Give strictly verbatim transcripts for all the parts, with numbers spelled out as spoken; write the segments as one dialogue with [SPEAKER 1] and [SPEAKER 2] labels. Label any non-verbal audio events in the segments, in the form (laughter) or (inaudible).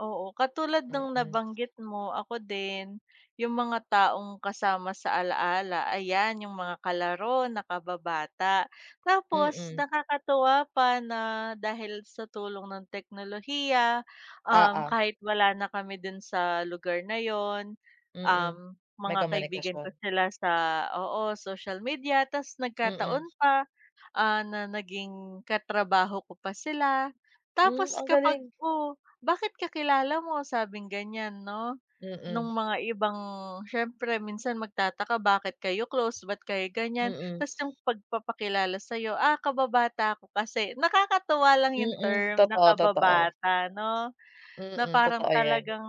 [SPEAKER 1] Oo, katulad nung
[SPEAKER 2] Mm.
[SPEAKER 1] nabanggit mo ako din, yung mga taong kasama sa alaala, ayan, yung mga kalaro na kababata. Tapos
[SPEAKER 2] Mm.
[SPEAKER 1] nakakatuwa pa na dahil sa tulong ng teknolohiya, um,
[SPEAKER 2] Oo.
[SPEAKER 1] kahit wala na kami dun sa lugar na yun, um,
[SPEAKER 2] Mm. May
[SPEAKER 1] mga kaibigan
[SPEAKER 2] komunikasyon?
[SPEAKER 1] ko sila sa oo, social media. Tas
[SPEAKER 2] Mm.
[SPEAKER 1] nagkataon pa, ah, na naging katrabaho ko pa sila.
[SPEAKER 2] Hmm,
[SPEAKER 1] Tapos
[SPEAKER 2] ang
[SPEAKER 1] kapag,
[SPEAKER 2] galing.
[SPEAKER 1] "Oh, bakit kakilala mo?" sabing ganyan, 'no, nung
[SPEAKER 2] Mm.
[SPEAKER 1] mga ibang syempre minsan magtataka, bakit kayo close, ba't kayo ganyan.
[SPEAKER 2] Mm.
[SPEAKER 1] Tas yung pagpapakilala sa'yo, "Ah, kababata ko kasi." Nakakatuwa lang yung
[SPEAKER 2] Mm,
[SPEAKER 1] term na
[SPEAKER 2] totoo, totoo.
[SPEAKER 1] kababata, 'no, na
[SPEAKER 2] Mm,
[SPEAKER 1] parang
[SPEAKER 2] totoo yan.
[SPEAKER 1] talagang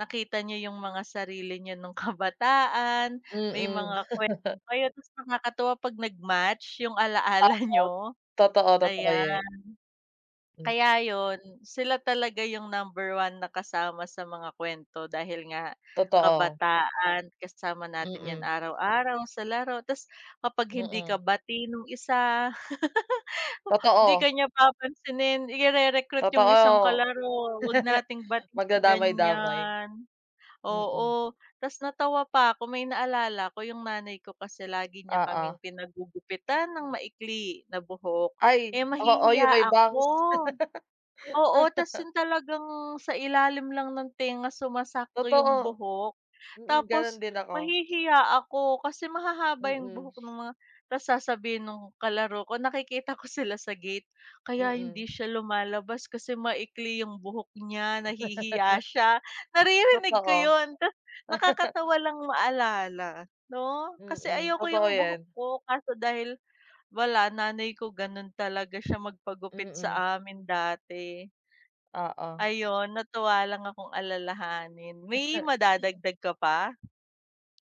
[SPEAKER 1] nakita niyo yung mga sarili nyo nung kabataan, may
[SPEAKER 2] Mm.
[SPEAKER 1] mga kwento
[SPEAKER 2] (laughs)
[SPEAKER 1] kayo. Tas nakakatuwa 'pag nag-match yung alaala
[SPEAKER 2] Oo,
[SPEAKER 1] niyo,
[SPEAKER 2] totoo, totoo
[SPEAKER 1] ayan.
[SPEAKER 2] yun. Hmm.
[SPEAKER 1] Kaya yun, sila talaga yung number one na kasama sa mga kwento dahil nga
[SPEAKER 2] Totoo.
[SPEAKER 1] kabataan. Kasama natin yan
[SPEAKER 2] Mm.
[SPEAKER 1] araw-araw sa laro. Tas kapag hindi ka
[SPEAKER 2] Mm.
[SPEAKER 1] bati nung isa (laughs) 'di
[SPEAKER 2] Totoo.
[SPEAKER 1] ka niya papansinin, ire-recruit yung isang
[SPEAKER 2] Totoo.
[SPEAKER 1] kalaro, "'Wag
[SPEAKER 2] (laughs)
[SPEAKER 1] nating bati si
[SPEAKER 2] Magdadamay-damay,
[SPEAKER 1] ganyan,"
[SPEAKER 2] mm.
[SPEAKER 1] oo. Tas natawa pa 'ko may naalala 'ko, yung nanay ko kasi lagi niya
[SPEAKER 2] Oo.
[SPEAKER 1] kaming pinagugupitan ng maikli na buhok,
[SPEAKER 2] Ay,
[SPEAKER 1] eh
[SPEAKER 2] oo,
[SPEAKER 1] mahihiya
[SPEAKER 2] yung may
[SPEAKER 1] ako.
[SPEAKER 2] bangs.
[SPEAKER 1] Oo, tas
[SPEAKER 2] (laughs)
[SPEAKER 1] yun talagang sa ilalim lang ng tenga sumasakto yung
[SPEAKER 2] Totoo.
[SPEAKER 1] buhok.
[SPEAKER 2] Mm, ganun
[SPEAKER 1] Tapos
[SPEAKER 2] din ako.
[SPEAKER 1] mahihiya ako kasi mahahaba yung
[SPEAKER 2] Mm.
[SPEAKER 1] buhok nung mga tas sasabihin ng kalaro ko nakikita ko sila sa gate, "Kaya
[SPEAKER 2] Mm.
[SPEAKER 1] hindi siya lumalabas kasi maikli yung buhok niya. Nahihiya
[SPEAKER 2] (laughs)
[SPEAKER 1] siya." Naririnig ko
[SPEAKER 2] Totoo.
[SPEAKER 1] yun ta
[SPEAKER 2] (laughs)
[SPEAKER 1] nakakatawa lang maalala, 'no? Kasi
[SPEAKER 2] Mm,
[SPEAKER 1] ayoko
[SPEAKER 2] totoo
[SPEAKER 1] yung buhok
[SPEAKER 2] yan.
[SPEAKER 1] ko kaso dahil wala nanay ko ganun talaga siya magpagupit
[SPEAKER 2] Mm.
[SPEAKER 1] sa amin dati.
[SPEAKER 2] Oo.
[SPEAKER 1] Ayon, natuwa lang akong alalahanin. May
[SPEAKER 2] (laughs)
[SPEAKER 1] madadagdag ka pa?